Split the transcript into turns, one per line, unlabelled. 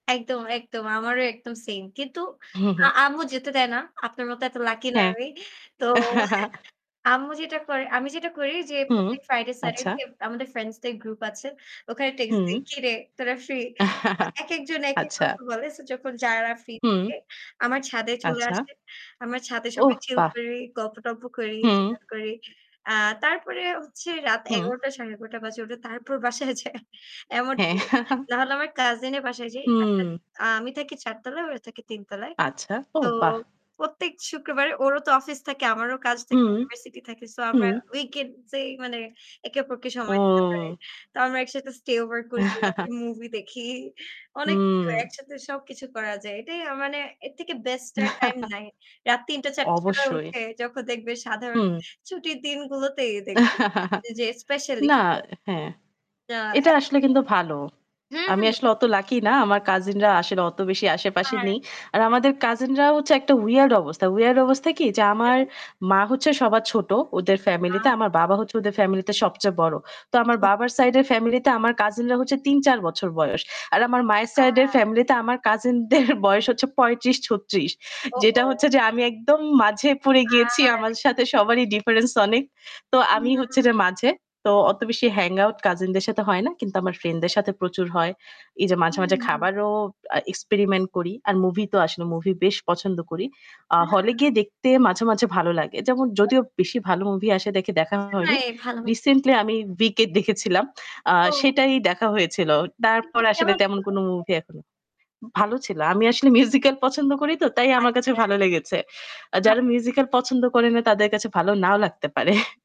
একদম, একদম। আমারও একদম সেম। কিন্তু আ আম্মু যেতে দেয় না। আপনার মতো এত লাকি না
হ্যাঁ।
আমি। তো আম্মু যেটা করে আমি যেটা করি যে,
হুম,
প্রত্যেক ফ্রাইডে,
আচ্ছা।
স্যাটারডে আমাদের ফ্রেন্ডস দের গ্রুপ আছে। ওখানে টেক্সট দিই,
হুম।
"কিরে তোরা ফ্রি?" আ একেকজন একেক
আচ্ছা।
কথা বলে। সো যখন যারা ফ্রি
হুম।
থাকে আমার ছাদে চলে
আচ্ছা।
আসে। আমার ছাদে সবাই
ওহ
chill
বাহ!
করি, গল্প-টল্প করি,
হুম।
chill out করি। আ তারপরে হচ্ছে রাত
হুম।
১১ঃ০০ -১১ঃ৩০ বাজে ওদের, তারপর বাসায় যায়, এমন
হ্যাঁ।
করে। না হলে আমার কাজিন এর বাসায় যাই। কাছে
হুম।
আমি থাকি ৪ তালায়, ওরা থাকে ৩ তালায়।
আচ্ছা।
তো,
ওহ বাহ!
প্রত্যেক শুক্রবারে ওরও তো অফিস থাকে, আমারও কাজ থাকে,
হুম,
ইউনিভার্সিটি থাকে। সো আমরা
হুম।
উইকেন্ড যেই মানে একে অপরকে সময় দিতে পারি।
ও!
তো আমরা একসাথে stay over করি, রাত্রে মুভি দেখি, অনেক কিছু,
হুম।
একসাথে সবকিছু করা যায়। এটাই আ মানে এর থেকে বেস্ট আর টাইম নাই। রাত ৩ঃ০০-৪ঃ০০ র সময়
অবশ্যই।
উঠে, যখন দেখবে সাধারণ
হুম।
ছুটির দিনগুলোতেই দেখব যে, যে স্পেশালি
না
[unintelligible]
হ্যাঁ।
ইয়া
এটা আসলে
এতটাই।
কিন্তু ভালো।
হুম,
আমি
হুম।
আসলে অত লাকি না। আমার কাজিনরা আসলে অত বেশি
হু,
আশেপাশে
হু
নেই। আর আমাদের
হুম।
কাজিনরাও হচ্ছে একটা weird অবস্থা। weird অবস্থা কি, যে আমার
কেন?
মা হচ্ছে সবার ছোট ওদের ফ্যামিলি তে।
আচ্ছা।
আমার বাবা হচ্ছে ওদের ফ্যামিলিতে সবচেয়ে বড়। তো আমার
সো
বাবার সাইডে এর ফ্যামিলিতে আমার কাজিনরা হচ্ছে ৩-৪ বছর বয়স। আর আমার মায়ের সাইডের
আ
ফ্যামিলিতে আমার কাজিন দের বয়স হচ্ছে ৩৫-৩৬ যেটা
ওহো!
হচ্ছে যে আমি একদম মাঝে পড়ে গিয়েছি। আমার
আহারে!
সাথে সবারই difference অনেক। তো আমি হচ্ছে
উহু।
যে মাঝে, তো অত বেশি hangout কাজিন দের সাথে হয় না। কিন্তু আমার
আচ্ছা,
ফ্রেন্ডদের
আচ্ছা।
সাথে প্রচুর হয়। এই যে মাঝে,
হুম,
মাঝে
হুম।
খাবারও আ experiment করি। আর মুভি তো
আচ্ছা,
আসলে
আচ্ছা।
মুভি বেশ পছন্দ করি। আ হলে
[unintelligible]
গিয়ে দেখতে মাঝে, মাঝে ভালো লাগে। যেমন যদিও বেশি ভালো মুভি আসে দেখে দেখা
বুঝি
হয়নি।
নাই ভালোমতো।
রিসেন্টলি আমি 'Wicked' দেখেছিলাম, আ
ও!
সেটাই দেখা হয়েছিল। তারপরে
'Wicked'
আসলে
কেমন
তেমন
ছিল?
কোন মুভি এখন ভালো ছিল। আমি আসলে musical পছন্দ করি তো, তাই আমার কাছে
আচ্ছা।
ভালো লেগেছে। আ
বাহ!
যারা musical পছন্দ করে না তাদের কাছে ভালো নাও লাগতে পারে।